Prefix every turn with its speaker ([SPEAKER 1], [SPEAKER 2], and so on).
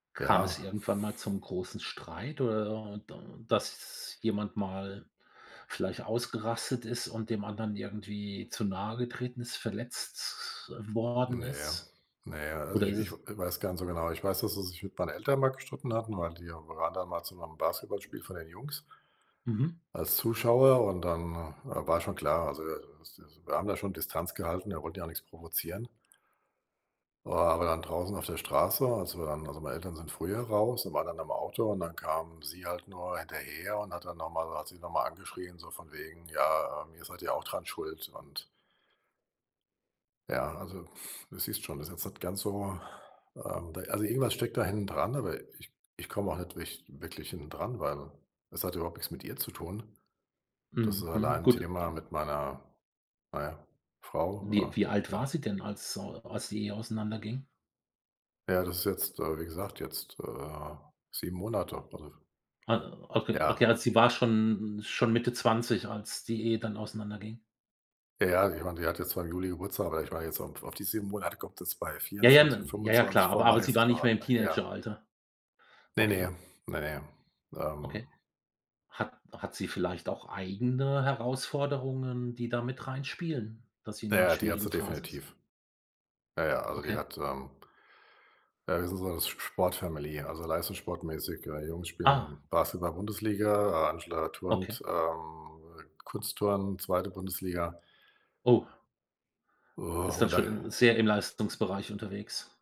[SPEAKER 1] Kam es
[SPEAKER 2] Ja.
[SPEAKER 1] irgendwann mal zum großen Streit oder da dass jemand mal vielleicht ausgerastet ist und dem anderen irgendwie zu nahe getreten ist, verletzt worden
[SPEAKER 2] Ne.
[SPEAKER 1] ist?
[SPEAKER 2] Ne. Also,
[SPEAKER 1] Oder
[SPEAKER 2] ich
[SPEAKER 1] ist
[SPEAKER 2] ich w
[SPEAKER 1] es
[SPEAKER 2] weiß gar nicht so genau. Ich weiß, dass er sich mit meinen Eltern mal gestritten hatten, weil die waren dann mal zu 'nem Basketballspiel von den Jungs
[SPEAKER 1] Mhm.
[SPEAKER 2] als Zuschauer, und dann wa war schon klar, also wir haben da schon Distanz gehalten, er wollte ja nix provozieren. Aber dann draußen auf der Straße, als wir dann also meine Eltern sind früher raus und waren dann am Auto, und dann kam sie halt nur hinterher und hat dann nochmal hat sie noch mal angeschrien so von wegen: „Ja, ähm, ihr seid ja auch dran Schuld!“ Und ja, also, du siehst schon, das ist jetzt nicht ganz so, ähm da also, irgendwas steckt da hintendran, aber ich ich komme auch nicht wich wirklich hintendran, weil es hat ja überhaupt nix mit ihr zu tun. Das ist
[SPEAKER 1] Mhm. Mhm.
[SPEAKER 2] allein 'n
[SPEAKER 1] Gut,
[SPEAKER 2] Thema
[SPEAKER 1] ähm
[SPEAKER 2] mit meiner, na ja,
[SPEAKER 1] Wie
[SPEAKER 2] Frau,
[SPEAKER 1] wie alt
[SPEAKER 2] äh,
[SPEAKER 1] war
[SPEAKER 2] ja.
[SPEAKER 1] sie denn, als so als sie auseinanderging?
[SPEAKER 2] Ja, das ist jetzt, äh, wie gesagt jetzt, äh, 7 Monate, also
[SPEAKER 1] Ah, okay, okay,
[SPEAKER 2] Ja.
[SPEAKER 1] also sie war schon schon Mitte 20, als die Ehe dann auseinanderging.
[SPEAKER 2] Ja, ich mein, die hat jetzt zwar im Juli Geburtstag, aber ich war jetzt au auf die 7 Monate kommt es bei
[SPEAKER 1] Ja, ja,
[SPEAKER 2] 24,,
[SPEAKER 1] n ja, ja,
[SPEAKER 2] 25
[SPEAKER 1] klar, aber aber sie war nicht mehr im
[SPEAKER 2] [unintelligible] Ja.
[SPEAKER 1] Teenageralter.
[SPEAKER 2] Ne, ne.
[SPEAKER 1] Okay.
[SPEAKER 2] Ne, ne.
[SPEAKER 1] Okay.
[SPEAKER 2] Ähm.
[SPEAKER 1] Hat hat sie vielleicht auch eigene Herausforderungen, die da mit reinspielen, dass sie in 'ner
[SPEAKER 2] Ja, die hat sie
[SPEAKER 1] schwierigen Phase ist?
[SPEAKER 2] definitiv. Ja, ja, also die
[SPEAKER 1] Okay.
[SPEAKER 2] hat, ähm Äh, wir sind so 'ne S Sport-Family, also leistungssportmäßig. Äh, Jungs
[SPEAKER 1] Ah.
[SPEAKER 2] spielen Basketball-Bundesliga, Angela turnt,
[SPEAKER 1] Okay.
[SPEAKER 2] ähm, Kunstturnen, 2. Bundesliga.
[SPEAKER 1] Oh. Ist
[SPEAKER 2] Oh,
[SPEAKER 1] dann
[SPEAKER 2] und
[SPEAKER 1] schon, äh,
[SPEAKER 2] dann
[SPEAKER 1] sehr im Leistungsbereich unterwegs.